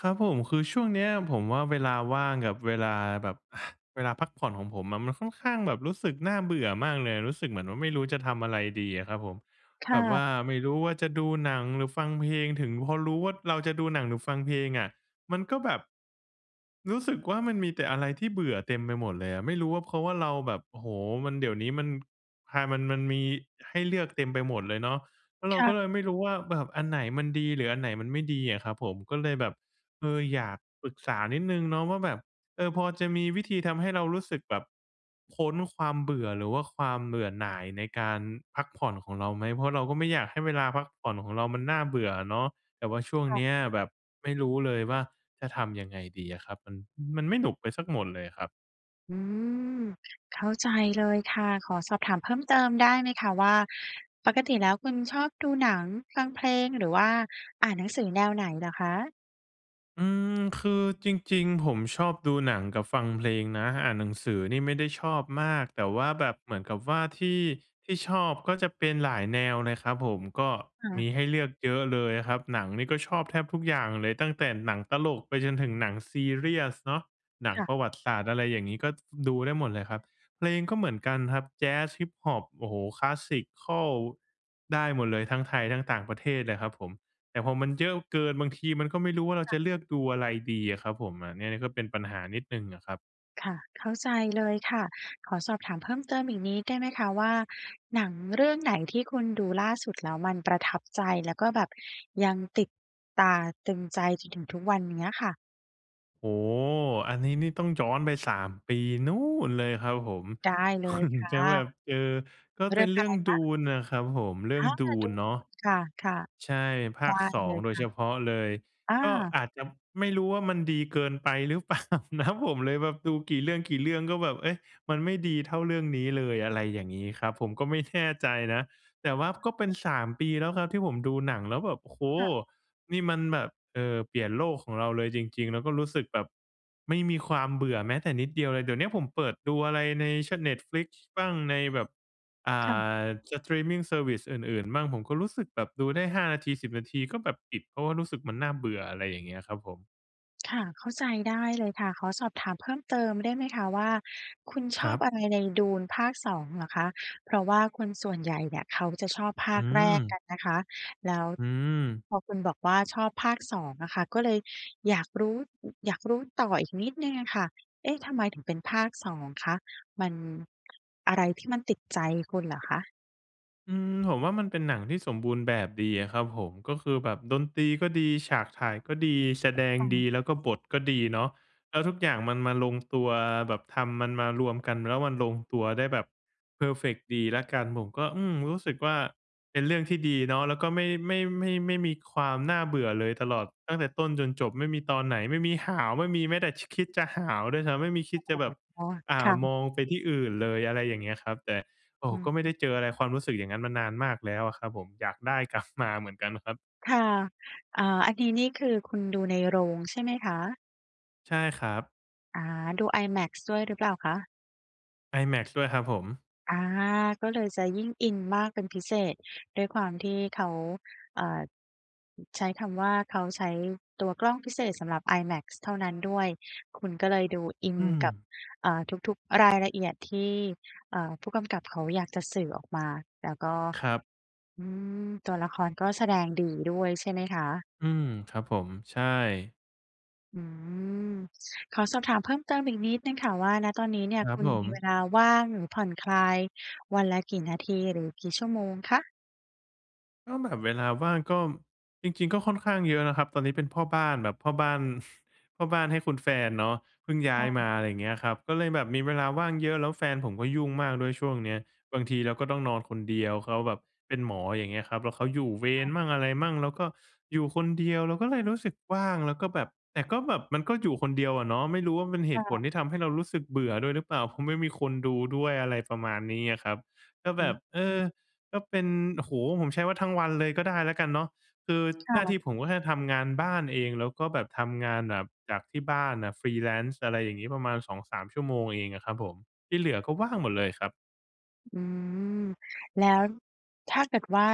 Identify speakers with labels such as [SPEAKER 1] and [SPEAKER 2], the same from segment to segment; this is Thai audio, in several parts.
[SPEAKER 1] ครับผม คือช่วงเนี้ยผมว่า เวลาว่างกับเวลาแบบ อะ เวลาพักผ่อนของผมอะ มันค่อนข้างแบบรู้สึกน่าเบื่อมากเลย รู้สึกเหมือนว่า ไม่รู้จะทำอะไรดีอะครับผม
[SPEAKER 2] ค
[SPEAKER 1] แบ
[SPEAKER 2] ่
[SPEAKER 1] บ
[SPEAKER 2] ะ
[SPEAKER 1] ว่าไม่รู้ว่า จะดูหนังหรือฟังเพลงถึง พอรู้ว่า เราจะดูหนังหรือฟังเพลงอะมันก็แบบ รู้สึกว่า มันมีแต่อะไรที่เบื่อเต็มไปหมดเลยอะ ไม่รู้ว่า เพราะว่าเราแบบ โอ้โฮ! มัน เดี๋ยวนี้มัน ฮา มัน มันมีให้เลือกเต็มไปหมดเลยเนาะ แล้วเ
[SPEAKER 2] ค
[SPEAKER 1] รา
[SPEAKER 2] ่
[SPEAKER 1] ก็
[SPEAKER 2] ะ
[SPEAKER 1] เลยไม่รู้ว่า แบบอันไหนมันดีหรืออันไหนมันไม่ดีอะครับผม ก็เลยแบบ เออ อยากปรึกษานิดหนึ่งเนาะว่า แบบ เออ พอจะมีวิธีทำให้เรารู้สึกแบบพ้นความเบื่อ หรือว่าความเบื่อหน่ายในการพักผ่อนของเราไหม? เพราะเราก็ไม่อยากให้เวลาพักผ่อนของเรามันน่าเบื่ออะเนาะ แต่ว่าช่วง
[SPEAKER 2] ค่
[SPEAKER 1] เ
[SPEAKER 2] ะ
[SPEAKER 1] นี้ยแบบไม่รู้เลยว่า จะทำยังไงดีอะครับ มัน มันไม่สนุกไปเสียหมดเลยอะครับ
[SPEAKER 2] อืม เข้าใจเลยค่ะ ขอสอบถามเพิ่มเติมได้ไหมคะ? ว่า ปกติแล้วคุณชอบดูหนัง ฟังเพลง หรือว่าอ่านหนังสือแนวไหนเหรอคะ?
[SPEAKER 1] อืม คือจริง ๆ ผมชอบดูหนังกับฟังเพลงนะ อ่านหนังสือนี่ไม่ได้ชอบมาก แต่ว่าแบบเหมือนกับว่าที่ ที่ชอบก็จะเป็นหลายแนวเลยครับผม ก็
[SPEAKER 2] ค่
[SPEAKER 1] มี
[SPEAKER 2] ะ
[SPEAKER 1] ให้เลือกเยอะเลยอะครับ หนังนี่ก็ชอบแทบทุกอย่างเลย ตั้งแต่หนังตลกไปจนถึงหนังซีเรียสเนาะ หนัง
[SPEAKER 2] ค่ะ
[SPEAKER 1] ประวัติศาสตร์ อะไรอย่างงี้ ก็ดูได้หมดเลยครับ เพลงก็เหมือนกันครับ แจซ Hiphop โอ้โฮ คลาสสิกคัล ได้หมดเลย ทั้งไทยทั้งต่างประเทศเลยครับผม แต่พอมันเยอะเกิน บางทีมันก็ไม่รู้ว่า เรา
[SPEAKER 2] ค
[SPEAKER 1] จ
[SPEAKER 2] ่ะ
[SPEAKER 1] ะเลือกดูอะไรดีอะครับผม แบบเนี้ยก็เป็นปัญหานิดหนึ่งอะครับ
[SPEAKER 2] ค่ะ เข้าใจเลยค่ะ ขอสอบถามเพิ่มเติมอีกนิดได้ไหมคะว่า หนังเรื่องไหนที่คุณดูล่าสุดแล้วมันประทับใจ แล้วก็แบบยังติดตาตรึงใจจนถึงทุกวันอย่างเงี้ยค่ะ?
[SPEAKER 1] โอ้โฮ! อันนี้นี่ต้องย้อนไป 3 ปี นู่นเลยครับผม
[SPEAKER 2] ได้เลยค่
[SPEAKER 1] จ
[SPEAKER 2] ะ
[SPEAKER 1] ะแบบ เออ ก็
[SPEAKER 2] เร
[SPEAKER 1] เป
[SPEAKER 2] ื
[SPEAKER 1] ็
[SPEAKER 2] ่อ
[SPEAKER 1] น
[SPEAKER 2] ง
[SPEAKER 1] เร
[SPEAKER 2] อ
[SPEAKER 1] ื
[SPEAKER 2] ะ
[SPEAKER 1] ่อ
[SPEAKER 2] ไร
[SPEAKER 1] ง
[SPEAKER 2] คะ?
[SPEAKER 1] Dune น่ะครับผม เรื่อ
[SPEAKER 2] อ
[SPEAKER 1] ง
[SPEAKER 2] า!
[SPEAKER 1] Dune
[SPEAKER 2] Dune
[SPEAKER 1] เนาะ
[SPEAKER 2] ค่ะ
[SPEAKER 1] ใช่ ภ
[SPEAKER 2] ๆ ได
[SPEAKER 1] า
[SPEAKER 2] ้
[SPEAKER 1] ค สอ
[SPEAKER 2] เล
[SPEAKER 1] ง
[SPEAKER 2] ย
[SPEAKER 1] โด
[SPEAKER 2] ค
[SPEAKER 1] ย
[SPEAKER 2] ่
[SPEAKER 1] เฉ
[SPEAKER 2] ะ
[SPEAKER 1] พาะเลย
[SPEAKER 2] อ
[SPEAKER 1] ก็
[SPEAKER 2] า
[SPEAKER 1] อาจจะไม่รู้ว่ามันดีเกินไปหรือ เปล่านะ ผมเลยแบบดูกี่เรื่อง ๆ ก็แบบ เอ๊ะ มันไม่ดีเท่าเรื่องนี้เลย อะไรอย่างงี้ครับ ผมก็ไม่ แน่ ใจนะ แต่ว่าก็เป็น 3 ปี แล้วนะที่ผมดูหนังแล้วแบบ โอ้โฮ
[SPEAKER 2] ค่ะ
[SPEAKER 1] นี่มันแบบ เอ่อ เปลี่ยนโลกของเราเลยจริง ๆ แล้วก็รู้สึกแบบไม่มีความเบื่อแม้แต่นิดเดียวเลย เดี๋ยวเนี้ยผมเปิดดูอะไรใน ช Netflix บ้าง ในแบบ อ่
[SPEAKER 2] ค่ะ
[SPEAKER 1] า สตรีมมิงเซอร์วิซ อื่น ๆ มั่ง ผมก็รู้สึกแบบดูได้ 5 นาที 10 นาที ก็แบบปิด เพราะว่ารู้สึกมันน่าเบื่อ อะไรอย่างเงี้ยครับผม
[SPEAKER 2] ค่ะ เข้าใจได้เลยค่ะ ขอสอบถามเพิ่มเติมได้ไหมคะว่า คุณช
[SPEAKER 1] คร
[SPEAKER 2] อ
[SPEAKER 1] ั
[SPEAKER 2] บ
[SPEAKER 1] บ
[SPEAKER 2] อะไรใน Dune ภาค 2 เหรอคะ? เพราะว่าคนส่วนใหญ่เนี่ยเขาจะชอบภ
[SPEAKER 1] อื
[SPEAKER 2] าคแรกก
[SPEAKER 1] ม
[SPEAKER 2] ันนะคะ แล้ว
[SPEAKER 1] อืม
[SPEAKER 2] พอคุณบอกว่าชอบภาค 2 นะคะ ก็เลยอยากรู้ อยากรู้ต่ออีกนิดหนึ่งอะค่ะ เอ๊ะ! ทำไมถึงเป็นภาค 2 คะ มัน อะไรที่มันติดใจคุณเหรอคะ?
[SPEAKER 1] อืม ผมว่ามันเป็นหนังที่สมบูรณ์แบบดีอะครับผม ก็คือแบบดนตรีก็ดี ฉากถ่ายก็ดี แสดง
[SPEAKER 2] ค่
[SPEAKER 1] ดี
[SPEAKER 2] ะ
[SPEAKER 1] แล้วก็บทก็ดีเนาะ แล้วทุกอย่างมันมาลงตัว แบบทำมันมารวมกัน แล้วมันลงตัวได้แบบเพอร์เฟกต์ดีแล้วกัน ผมก็ อืม รู้สึกว่า เป็นเรื่องที่ดีเนาะ แล้วก็ไม่ ไม่ ไม่ ไม่มีความน่าเบื่อเลย ตลอดตั้งแต่ต้นจนจบ ไม่มีตอนไหน ไม่มีหาว ไม่มีแม้แต่ ช คิดจะหาวด้วยซ้ำ ไม่มีคิ
[SPEAKER 2] โอ
[SPEAKER 1] ด
[SPEAKER 2] ้
[SPEAKER 1] จะแบบ
[SPEAKER 2] โฮ ค่ะ
[SPEAKER 1] อ่
[SPEAKER 2] ค
[SPEAKER 1] า
[SPEAKER 2] ่
[SPEAKER 1] ม
[SPEAKER 2] ะ
[SPEAKER 1] องไปที่อื่นเลย อะไรอย่างเงี้ยครับ แต่ โอ้!
[SPEAKER 2] อื
[SPEAKER 1] ก
[SPEAKER 2] อ
[SPEAKER 1] ็ไ
[SPEAKER 2] ฮ
[SPEAKER 1] ม่
[SPEAKER 2] ึ
[SPEAKER 1] ได้เจออะไร ความรู้สึกอย่างนั้นมานานมากแล้วอะครับผม อยากได้กลับมาเหมือนกันครับ
[SPEAKER 2] ค่ะ อ่า อันนี้นี่คือคุณดูในโรงใช่ไหมคะ?
[SPEAKER 1] ใช่ครับ
[SPEAKER 2] อา ดู IMAX ด้วยหรือเปล่าคะ?
[SPEAKER 1] IMAX ด้วยครับผม
[SPEAKER 2] อา ก็เลยจะยิ่งอินมากเป็นพิเศษ ด้วยความที่เขา อ่า อ ใช้คำว่า เขาใช้ตัวกล้องพิเศษสำหรับ IMAX เท่านั้นด้วย คุณก็เลยดูอิน
[SPEAKER 1] อื
[SPEAKER 2] กับ
[SPEAKER 1] ม
[SPEAKER 2] อ่า ทุก ๆ รายละเอียดที่ อ่า ผู้กำกับเขาอยากจะสื่อออกมา แล้วก็
[SPEAKER 1] ครับ
[SPEAKER 2] อืม ตัวละครก็แสดงดีด้วย ใช่ไหมคะ?
[SPEAKER 1] อืม ครับผม ใช่
[SPEAKER 2] อืม ขอสอบถามเพิ่มเติมอีกนิดหนึ่งค่ะว่า ณ ตอนนี้เนี่
[SPEAKER 1] ค
[SPEAKER 2] ย
[SPEAKER 1] รั
[SPEAKER 2] ค
[SPEAKER 1] บ
[SPEAKER 2] ุณ
[SPEAKER 1] ผ
[SPEAKER 2] มีเ
[SPEAKER 1] ม
[SPEAKER 2] วลาว่าง หรือผ่อนคลายวันละกี่นาที? หรือกี่ชั่วโมงคะ?
[SPEAKER 1] ก็แบบเวลาว่าง ก็ จริง ๆ ก็ค่อนข้างเยอะนะครับ ตอนนี้เป็นพ่อบ้านแบบพ่อบ้าน พ่อบ้านให้คุณแฟนเนาะ เพิ่งย้
[SPEAKER 2] ค
[SPEAKER 1] า
[SPEAKER 2] ่
[SPEAKER 1] ยม
[SPEAKER 2] ะ
[SPEAKER 1] า อะไรอย่างเงี้ยครับ ก็เลยแบบมีเวลาว่างเยอะ แล้วแฟนผมก็ยุ่งมากด้วยช่วงเนี้ย บางทีเราก็ต้องนอนคนเดียว เขาแบบเป็นหมอ อย่างเงี้ยครับ แล้วเขาอยู่เว
[SPEAKER 2] ค่
[SPEAKER 1] ร
[SPEAKER 2] ะ
[SPEAKER 1] มั่งอะไรมั่ง เราก็อยู่คนเดียว เราก็เลยรู้สึกว่าง แล้วก็แบบ แต่ก็แบบ มันก็อยู่คนเดียวอะเนาะ ไม่รู้ว่าเป็นเห
[SPEAKER 2] ค่
[SPEAKER 1] ตุผล
[SPEAKER 2] ะ
[SPEAKER 1] ที่ทำให้เรารู้สึกเบื่อด้วยหรือเปล่า เพราะไม่มีคนดูด้วย อะไรประมาณนี้อะครับ ก็
[SPEAKER 2] อ
[SPEAKER 1] แ
[SPEAKER 2] ื
[SPEAKER 1] บ
[SPEAKER 2] อ
[SPEAKER 1] บ เอ
[SPEAKER 2] ฮ
[SPEAKER 1] อ
[SPEAKER 2] ึ
[SPEAKER 1] ก็เป็น โอ้โฮ ผมใช้ว่าทั้งวันเลยก็ได้แล้วกันเนาะ คือ
[SPEAKER 2] ค่
[SPEAKER 1] หน้าที
[SPEAKER 2] ะ
[SPEAKER 1] ่ผมก็แค่ทำงานบ้านเอง แล้วก็แบบทำงานแบบจากที่บ้านอะ Freelance อะไรอย่างงี้ ประมาณ 2-3 ชั่วโมงเองอะครับผม ที่เหลือก็ว่างหมดเลยครับ
[SPEAKER 2] อืม แล้ว ถ้าเกิดว่า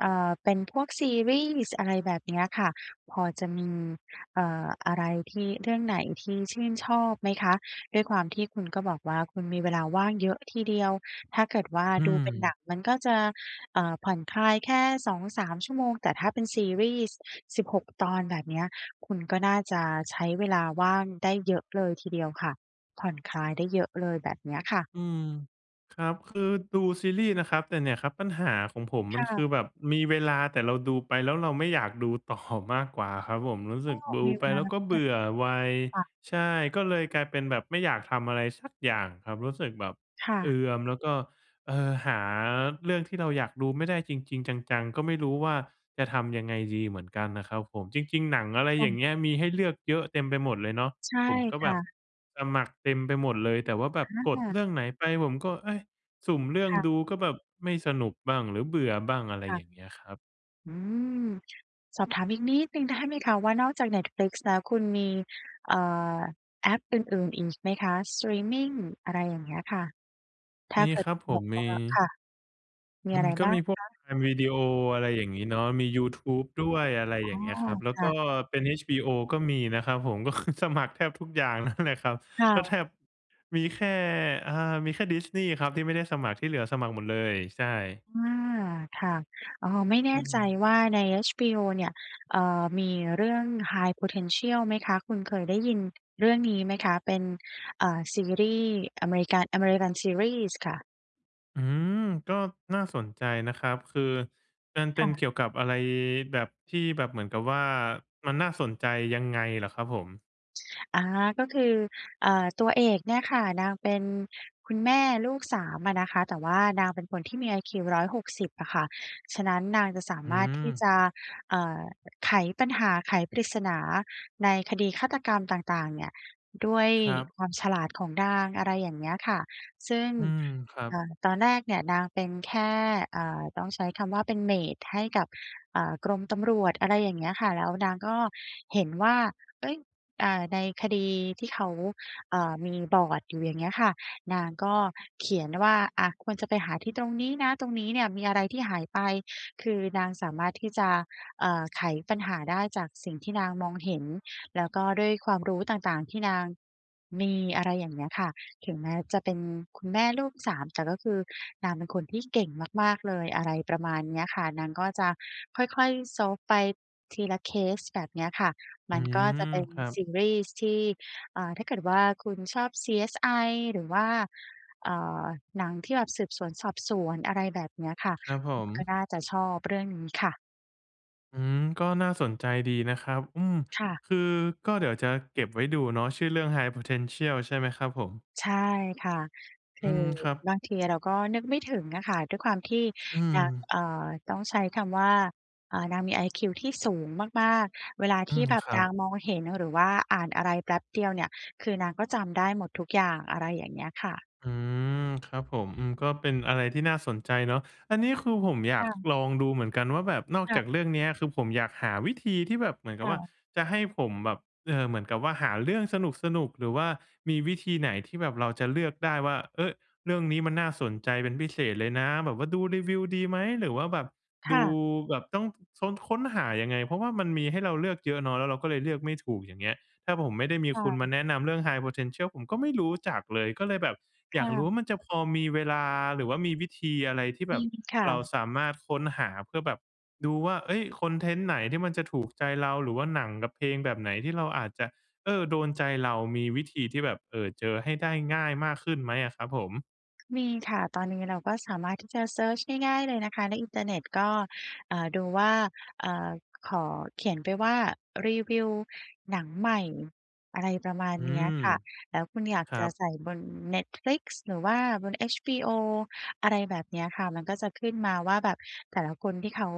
[SPEAKER 2] เอ่อ เป็นพวกซีรีส์ อะไรแบบเนี้ยค่ะ พอจะมี เอ่อ อะไรที่ เรื่องไหนที่ชื่นชอบไหมคะ? ด้วยความที่คุณก็บอกว่าคุณมีเวลาว่างเยอะทีเดียว ถ้าเกิดว่า
[SPEAKER 1] อื
[SPEAKER 2] ดูเป็นหนั
[SPEAKER 1] ม
[SPEAKER 2] งมันก็จะ เอ่อ ผ่อนคลายแค่ 2-3 ชั่วโมง แต่ถ้าเป็นซีรีส์ 16 ตอนแบบเนี้ย คุณก็น่าจะใช้เวลาว่างได้เยอะเลยทีเดียวค่ะ ผ่อนคลายได้เยอะเลยแบบเนี้ยค่ะ
[SPEAKER 1] อืม ครับ คือดูซีรีส์นะครับ แต่เนี่ยครับปัญหาของผม
[SPEAKER 2] ค
[SPEAKER 1] มัน
[SPEAKER 2] ่
[SPEAKER 1] คื
[SPEAKER 2] ะ
[SPEAKER 1] อแบบมีเวลา แต่เราดูไปแล้วเราไม่อยากดู ต่อ มากกว่าครับผม รู้
[SPEAKER 2] เข
[SPEAKER 1] ส
[SPEAKER 2] ้
[SPEAKER 1] ึ
[SPEAKER 2] า
[SPEAKER 1] ก
[SPEAKER 2] ออ
[SPEAKER 1] ด
[SPEAKER 2] ก
[SPEAKER 1] ู
[SPEAKER 2] มีเ
[SPEAKER 1] ไ
[SPEAKER 2] ว
[SPEAKER 1] ป
[SPEAKER 2] ลา
[SPEAKER 1] แล้ว
[SPEAKER 2] นะ
[SPEAKER 1] ก็เ
[SPEAKER 2] เ
[SPEAKER 1] บ
[SPEAKER 2] นี้
[SPEAKER 1] ื
[SPEAKER 2] ย
[SPEAKER 1] ่อไว
[SPEAKER 2] ค่ะ
[SPEAKER 1] ใช่ ก็เลยกลายเป็นแบบไม่อยากทำอะไรสักอย่างครับ รู้สึกแบบ
[SPEAKER 2] ค่
[SPEAKER 1] เอ
[SPEAKER 2] ะ
[SPEAKER 1] ือม แล้วก็ เออ หาเรื่องที่เราอยากดูไม่ได้จริง ๆ จัง ๆ ก็ไม่รู้ว่า จะทำยังไงดีเหมือนกันน่ะครับผม จริง ๆ หนัง อะไร
[SPEAKER 2] ค
[SPEAKER 1] อ
[SPEAKER 2] ่
[SPEAKER 1] ย่า
[SPEAKER 2] ะ
[SPEAKER 1] งเงี้ย มีให้เลือกเยอะเต็มไปหมดเลยเนาะ
[SPEAKER 2] ใช่
[SPEAKER 1] ผมก็
[SPEAKER 2] ค
[SPEAKER 1] แบ
[SPEAKER 2] ่
[SPEAKER 1] บ
[SPEAKER 2] ะ
[SPEAKER 1] สมัครเต็มไปหมดเลย แต่ว่าแบ
[SPEAKER 2] อ
[SPEAKER 1] บ
[SPEAKER 2] า
[SPEAKER 1] ก
[SPEAKER 2] ค
[SPEAKER 1] ด
[SPEAKER 2] ่
[SPEAKER 1] เ
[SPEAKER 2] ะ
[SPEAKER 1] รื่องไหนไปผมก็ เฮ่ย สุ่มเรื่อง
[SPEAKER 2] ค่ะ
[SPEAKER 1] ดูก็แบบไม่สนุกบ้าง หรือเบื่อบ้าง อะไร
[SPEAKER 2] ค่
[SPEAKER 1] อ
[SPEAKER 2] ะ
[SPEAKER 1] ย่างเงี้ยครับ
[SPEAKER 2] อืม สอบถามอีกนิดหนึ่ง ได้ ไหมคะว่า นอกจาก Netflix แล้วคุณมี เอ่อ แอปอื่น ๆ อีกไหมคะ สตรีมมิง อะไรอย่างเงี้ยค่ะ? ถ้
[SPEAKER 1] ม
[SPEAKER 2] า
[SPEAKER 1] ี
[SPEAKER 2] เกิ
[SPEAKER 1] ค
[SPEAKER 2] ด
[SPEAKER 1] รั
[SPEAKER 2] ค
[SPEAKER 1] บ
[SPEAKER 2] ุณ
[SPEAKER 1] ผ
[SPEAKER 2] แบ
[SPEAKER 1] ม
[SPEAKER 2] บ
[SPEAKER 1] ม
[SPEAKER 2] ว
[SPEAKER 1] ี
[SPEAKER 2] ่า ค่ะ มี
[SPEAKER 1] อื
[SPEAKER 2] อะ
[SPEAKER 1] ม
[SPEAKER 2] ไร
[SPEAKER 1] ก็
[SPEAKER 2] บ้า
[SPEAKER 1] ม
[SPEAKER 2] ง
[SPEAKER 1] ีพว
[SPEAKER 2] ค
[SPEAKER 1] ก
[SPEAKER 2] ะ?
[SPEAKER 1] Prime Video อะไรอย่างงี้เนาะ มียูทูบด้วย อะไร
[SPEAKER 2] อ๋
[SPEAKER 1] อย
[SPEAKER 2] อ
[SPEAKER 1] ่างเงี้ยครับ แล้ว
[SPEAKER 2] ค
[SPEAKER 1] ก
[SPEAKER 2] ่
[SPEAKER 1] ็
[SPEAKER 2] ะ
[SPEAKER 1] เป็น HBO ก็มีนะครับผม ก็คือสมัครแทบทุกอย่างนั่นแหละครับ
[SPEAKER 2] ค่
[SPEAKER 1] ก็แท
[SPEAKER 2] ะ
[SPEAKER 1] บ มีแค่ อา มีแค่ Disney ครับที่ไม่ได้สมัคร ที่เหลือสมัครหมดเลย ใช่
[SPEAKER 2] อา ค่ะ อ้อ ไม่แน
[SPEAKER 1] อื
[SPEAKER 2] ่ใจ
[SPEAKER 1] ม
[SPEAKER 2] ว่า ใน HBO เนี่ย เอ่อ มีเรื่อง High Potential ไหมคะ? คุณเคยได้ยินเรื่องนี้ไหมคะ? เป็น เอ่อ ซีรีส์อเมริกัน อเมริกันซีรีส์ค่ะ
[SPEAKER 1] อืม ก็น่าสนใจนะครับ คือมันเป
[SPEAKER 2] ค
[SPEAKER 1] ็
[SPEAKER 2] ่
[SPEAKER 1] นเก
[SPEAKER 2] ะ
[SPEAKER 1] ี่ยวกับอะไร แบบที่ แบบเหมือนกับว่า มันน่าสนใจยังไงเหรอครับผม?
[SPEAKER 2] อา ก็คือ อ่า ตัวเอกเนี่ยค่ะ นางเป็นคุณแม่ลูก 3 อะนะคะ แต่ว่านางเป็นคนที่มีไอคิว 160 อะค่ะ ฉะนั้นนางจะสา
[SPEAKER 1] อื
[SPEAKER 2] มารถที่
[SPEAKER 1] ม
[SPEAKER 2] จะ เอ่อ ไขปัญหา ไขปริศนาในคดีฆาตกรรมต่าง ๆ เนี่ย ด้วย
[SPEAKER 1] ครับ
[SPEAKER 2] ความฉลาดของนาง อะไรอย่างเงี้ยค่ะ ซึ่ง
[SPEAKER 1] อืม ครั
[SPEAKER 2] อ
[SPEAKER 1] บ
[SPEAKER 2] ่า ตอนแรกเนี่ยนางเป็นแค่ อ่า ต้องใช้คำว่าเป็นเมตให้กับ เอ่อ กรมตำรวจ อะไรอย่างเงี้ยค่ะ แล้วนางก็เห็นว่า เอ๊ย อ่า ในคดีที่เขา อ่า มีบอร์ดอยู่ อย่างเงี้ยค่ะ นางก็เขียนว่า อะ ควรจะไปหาที่ตรงนี้นะ ตรงนี้เนี่ยมีอะไรที่หายไป คือนางสามารถที่จะ เอ่อ ไขปัญหาได้จากสิ่งที่นางมองเห็น แล้วก็ด้วยความรู้ต่าง ๆ ที่นางมี อะไรอย่างเงี้ยค่ะ ถึงแม้จะเป็นคุณแม่ลูก 3 แต่ก็คือนางเป็นคนที่เก่งมาก ๆ เลย อะไรประมาณเนี้ยค่ะ นางก็จะค่อย ๆ solve ไปทีละเคสแบบเนี้ยค่ะ ม
[SPEAKER 1] อื
[SPEAKER 2] ันก็
[SPEAKER 1] ม
[SPEAKER 2] จะเป็น
[SPEAKER 1] ครั
[SPEAKER 2] ซ
[SPEAKER 1] บ
[SPEAKER 2] ีรีส์ที่ อ่า ถ้าเกิดว่าคุณชอบ CSI หรือว่า เอ่อ หนังที่แบบสืบสวนสอบสวน อะไรแบบเนี้ยค่ะ
[SPEAKER 1] ครับผ
[SPEAKER 2] คุณ
[SPEAKER 1] ม
[SPEAKER 2] ก็น่าจะชอบเรื่องนี้ค่ะ
[SPEAKER 1] อืม ก็น่าสนใจดีนะครับ อืม
[SPEAKER 2] ค่ะ
[SPEAKER 1] คือก็เดี๋ยวจะเก็บไว้ดูเนาะ ชื่อเรื่อง "High Potential" ใช่ไหมครับผม?
[SPEAKER 2] ใช่ค่ะ ค
[SPEAKER 1] อื
[SPEAKER 2] ื
[SPEAKER 1] ม
[SPEAKER 2] อ
[SPEAKER 1] ครับ
[SPEAKER 2] บางทีเราก็นึกไม่ถึงอะค่ะ ด้วยความที่
[SPEAKER 1] อื
[SPEAKER 2] นาง
[SPEAKER 1] ม
[SPEAKER 2] เอ่อ ต้องใช้คำว่า อ่า นางมีไอคิวที่สูงมาก ๆ เวลา
[SPEAKER 1] อ
[SPEAKER 2] ท
[SPEAKER 1] ื
[SPEAKER 2] ี่
[SPEAKER 1] ม
[SPEAKER 2] แบบ
[SPEAKER 1] ครั
[SPEAKER 2] น
[SPEAKER 1] บ
[SPEAKER 2] างมองเห็น หรือว่าอ่านอะไรแป๊บเดียวเนี่ย คือนางก็จำได้หมดทุกอย่าง อะไรอย่างเงี้ยค่ะ
[SPEAKER 1] อืม ครับผม อือ ก็เป็นอะไรที่น่าสนใจเนาะ อันนี้คือผมอย
[SPEAKER 2] ค
[SPEAKER 1] าก
[SPEAKER 2] ่ะ
[SPEAKER 1] ลองดูเหมือนกันว่าแบบนอก
[SPEAKER 2] ค่
[SPEAKER 1] จา
[SPEAKER 2] ะ
[SPEAKER 1] กเรื่องเนี้ย คือผมอยากหาวิธีที่แบบเหมือน
[SPEAKER 2] ค
[SPEAKER 1] กับ
[SPEAKER 2] ่
[SPEAKER 1] ว่า
[SPEAKER 2] ะ
[SPEAKER 1] จะให้ผมแบบ เอ่อ เหมือนกับว่า หาเรื่องสนุก ๆ หรือว่ามีวิธีไหนที่แบบเราจะเลือกได้ว่า เฮ้ย เรื่องนี้มันน่าสนใจเป็นพิเศษเลยนะ แบบว่าดูรีวิวดีไหม หรือว่าแบบ
[SPEAKER 2] ค
[SPEAKER 1] ด
[SPEAKER 2] ่
[SPEAKER 1] ู
[SPEAKER 2] ะ
[SPEAKER 1] แบบต้อง ต้องค้นหายังไง เพราะว่า มันมีให้เราเลือกเยอะเนาะ แล้วเราก็เลยเลือกไม่ถูกอย่างเงี้ย ถ้าผมไม่ได้มี
[SPEAKER 2] ใช
[SPEAKER 1] คุณม
[SPEAKER 2] ่
[SPEAKER 1] าแนะนำเรื่อง "High Potential" ผมก็ไม่รู้จักเลย ก็เลยแบบ
[SPEAKER 2] ค
[SPEAKER 1] อยา
[SPEAKER 2] ่
[SPEAKER 1] กรู้
[SPEAKER 2] ะ
[SPEAKER 1] ว่า มันจะพอมีเวลา หรือว่ามีวิธีอะไรที่แ
[SPEAKER 2] อ
[SPEAKER 1] บ
[SPEAKER 2] ื
[SPEAKER 1] บ
[SPEAKER 2] ม ค่
[SPEAKER 1] เรา
[SPEAKER 2] ะ
[SPEAKER 1] สามารถค้นหาเพื่อแบบดูว่า เฮ้ย คอนเทนต์ไหนที่มันจะถูกใจเรา หรือว่าหนังกับเพลงแบบไหน ที่เราอาจจะ เออ โดนใจเรามีวิธีที่แบบ เอ่อ เจอให้ได้ง่ายมากขึ้นไหมอะครับผม?
[SPEAKER 2] มีค่ะ ตอนนี้เราก็สามารถที่จะเซิร์ชง่าย ๆ เลยนะคะ ในอินเทอร์เน็ตก็ อ่า ดูว่า อ่า ขอเขียนไปว่า รีวิวหนังใหม่ อะไรประมาณ
[SPEAKER 1] อื
[SPEAKER 2] เนี้ย
[SPEAKER 1] อ
[SPEAKER 2] ค่ะ แล้วคุณอยาก
[SPEAKER 1] คร
[SPEAKER 2] จ
[SPEAKER 1] ั
[SPEAKER 2] ะ
[SPEAKER 1] บ
[SPEAKER 2] ใส่บน Netflix หรือว่าบน HBO อะไรแบบเนี้ยค่ะ มันก็จะขึ้นมาว่า แบบแต่ละคนที่เขา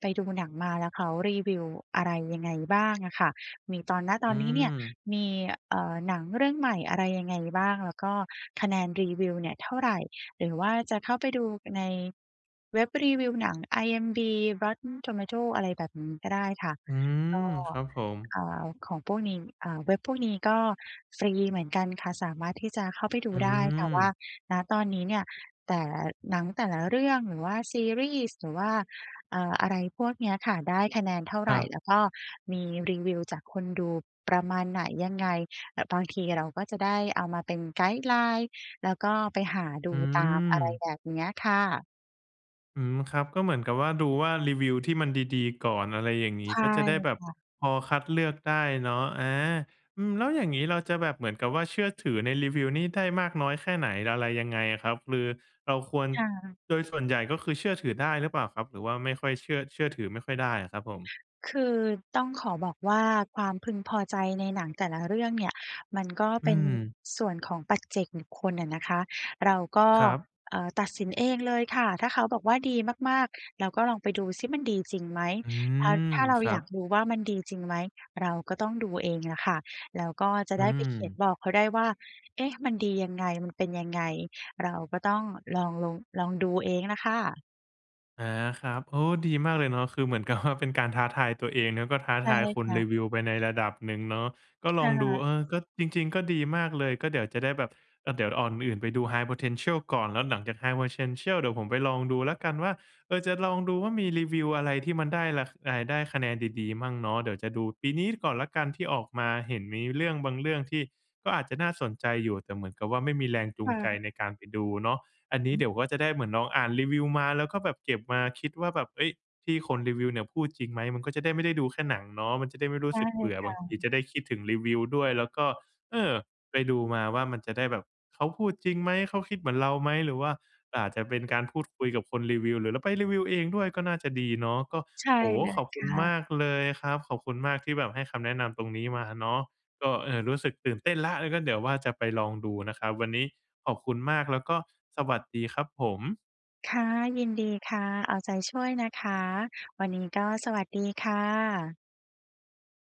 [SPEAKER 2] ไปดูหนังมา แล้วเขารีวิวอะไรยังไงบ้าง? อะค่ะ มีตอน ณ ต
[SPEAKER 1] อื
[SPEAKER 2] อนนี้เนี่ย
[SPEAKER 1] อ
[SPEAKER 2] มี เอ่อ หนังเรื่องใหม่ อะไรยังไงบ้าง? แล้วก็คะแนนรีวิวเนี่ยเท่าไร? หรือว่าจะเข้าไปดู ป ใน เว็บรีวิวหนัง IMDb Rotten tomatoes อะไรแบบนี้ก็ได้ค่ะ
[SPEAKER 1] อืม
[SPEAKER 2] ก็
[SPEAKER 1] ครับผม
[SPEAKER 2] อ่า ของพวกนี้ อ่า เว็บพวกนี้ก็ฟรีเหมือนกันค่ะ สามารถที่จะเข้าไปดู
[SPEAKER 1] อื
[SPEAKER 2] ได้ค่ะว่า
[SPEAKER 1] อ
[SPEAKER 2] ณ ตอนนี้เนี่ย แต่ หนังแต่ละเรื่อง หรือว่าซีรีส์ หรือว่า เอ่อ อะไรพวกเนี้ยค่ะ ได้คะแนนเท่า
[SPEAKER 1] ค
[SPEAKER 2] ไ
[SPEAKER 1] ร
[SPEAKER 2] ร?
[SPEAKER 1] ับ
[SPEAKER 2] แล้วก็มีรีวิวจากคนดูประมาณไหนยังไง? แบบบางทีเราก็จะได้เอามาเป็น guideline แล้วก็ไปหาด
[SPEAKER 1] อื
[SPEAKER 2] ูตาม อะไร
[SPEAKER 1] อ
[SPEAKER 2] แบบเนี้ยค่ะ
[SPEAKER 1] อืม ครับ ก็เหมือนกับว่า ดูว่ารีวิวที่มันดี ๆ ก่อน อะไรอย่างงี
[SPEAKER 2] ใ
[SPEAKER 1] ้
[SPEAKER 2] ช่
[SPEAKER 1] ก็จะได้แบบ
[SPEAKER 2] ค่ะ
[SPEAKER 1] พอคัดเลือกได้เนาะ อา อืม แล้วอย่างงี้ เราจะแบบเหมือนกับว่า เชื่อถือในรีวิวนี้ได้มากน้อยแค่ไหน อะไรยังไงอะครับ? คือเราควร
[SPEAKER 2] ค่ะ
[SPEAKER 1] โดยส่วนใหญ่ก็คือเชื่อถือได้หรือเปล่าครับ? หรือว่าไม่ค่อยเชื่อ เชื่อถือไม่ค่อยได้อะครับผม
[SPEAKER 2] คือ ต้องขอบอกว่า ความพึงพอใจในหนังแต่ละเรื่องเนี่ยมันก็
[SPEAKER 1] อื
[SPEAKER 2] เป็น
[SPEAKER 1] ม
[SPEAKER 2] ส่วนของปัจเจกบุคคลอะนะคะ เราก็
[SPEAKER 1] ครับ
[SPEAKER 2] เอ่อ ตัดสินเองเลยค่ะ ถ้าเขาบอกว่า ดีมาก ๆ เราก็ลองไปดูซิ มันดีจริงไหม?
[SPEAKER 1] อื
[SPEAKER 2] ถ้า
[SPEAKER 1] ม
[SPEAKER 2] ถ้าเรา
[SPEAKER 1] ครั
[SPEAKER 2] อยา
[SPEAKER 1] บ
[SPEAKER 2] กดูว่า มันดีจริงไหม เราก็ต้องดูเองแหละค่ะ แล้วก็จะ
[SPEAKER 1] อื
[SPEAKER 2] ได้ไปเขียน
[SPEAKER 1] ม
[SPEAKER 2] บอกเขาได้ว่า เอ๊ะ มันดียังไง? มันเป็นยังไง? เราก็ต้องลอง ลง ลองดูเองน่ะค่ะ
[SPEAKER 1] อา ครับ โอ้ ดีมากเลยเนาะ คือเหมือนกับ ว่า เป็นการท้าทายตัวเอง แล้วก็ท้า
[SPEAKER 2] ใช
[SPEAKER 1] ท
[SPEAKER 2] ่
[SPEAKER 1] ายค
[SPEAKER 2] ค
[SPEAKER 1] น
[SPEAKER 2] ่
[SPEAKER 1] ร
[SPEAKER 2] ะ
[SPEAKER 1] ีวิวไปในระดับหนึ่งเนาะ ก็ล
[SPEAKER 2] ค
[SPEAKER 1] อ
[SPEAKER 2] ่
[SPEAKER 1] งดู
[SPEAKER 2] ะ
[SPEAKER 1] เออ ก็ จริง ๆ ก็ดีมากเลย ก็เดี๋ยวจะได้แบบ ก็เดี๋ยวเอาอันอื่นไปดู High Potential ก่อน แล้วหลังจาก High Potential เดี๋ยวผมไปลองดูแล้วกันว่า เออ จะลองดูว่า มีรีวิวอะไรที่มันได้รา ค อ่าย ได้คะแนนดี ๆ มั่งเนาะ เดี๋ยวจะดูปีนี้ก่อนแล้วกันที่ออกมา เห็นมีเรื่องบางเรื่องที่ก็อาจจะน่าสนใจอยู่ แต่เหมือนกับว่า ไม่มีแรงจู
[SPEAKER 2] ค
[SPEAKER 1] ง
[SPEAKER 2] ่
[SPEAKER 1] ใจ
[SPEAKER 2] ะ
[SPEAKER 1] ในการไปดูเนาะ อันน
[SPEAKER 2] อ
[SPEAKER 1] ี้เ
[SPEAKER 2] ืม
[SPEAKER 1] ดี๋ยวก็จะได้เหมือนลองอ่านรีวิวมา แล้วก็แบบเก็บมาคิดว่า แบบ เฮ้ย ที่คนรีวิวเนี่ยพูดจริงไหม? มันก็จะได้ไม่ได้ดูแค่หนังเนาะ มันจะได้ไม่รู้
[SPEAKER 2] ใช
[SPEAKER 1] ส
[SPEAKER 2] ่
[SPEAKER 1] ึกเบื่อ
[SPEAKER 2] ค
[SPEAKER 1] บ
[SPEAKER 2] ่
[SPEAKER 1] างทีจ
[SPEAKER 2] ะ
[SPEAKER 1] ะได้คิดถึงรีวิวด้วย แล้วก็ เออ ไปดูมาว่า มันจะได้แบบเขาพูดจริงไหม? เขาคิดเหมือนเราไหม? หรือว่าอาจจะเป็นการพูดคุยกับคนรีวิว หรือเราไปรีวิวเองด้วยก็น่าจะดีเนาะ ก็
[SPEAKER 2] ใช่
[SPEAKER 1] โอ้โฮ
[SPEAKER 2] เล
[SPEAKER 1] ข
[SPEAKER 2] ย
[SPEAKER 1] อบค
[SPEAKER 2] ค
[SPEAKER 1] ุณ
[SPEAKER 2] ่
[SPEAKER 1] ม
[SPEAKER 2] ะ
[SPEAKER 1] ากเลยครับ ขอบคุณมากที่แบบให้คำแนะนำตรงนี้มาเนาะ ก็ เอ่อ รู้สึกตื่นเต้นแล้ว เออ ก็เดี๋ยวว่า จะไปลองดูนะครับ วันนี้ขอบคุณมากแล้วก็สวัสดีครับผม
[SPEAKER 2] ค่ะ ยินดีค่ะ เอาใจช่วยนะคะ วันนี้ก็สวัสดีค่ะ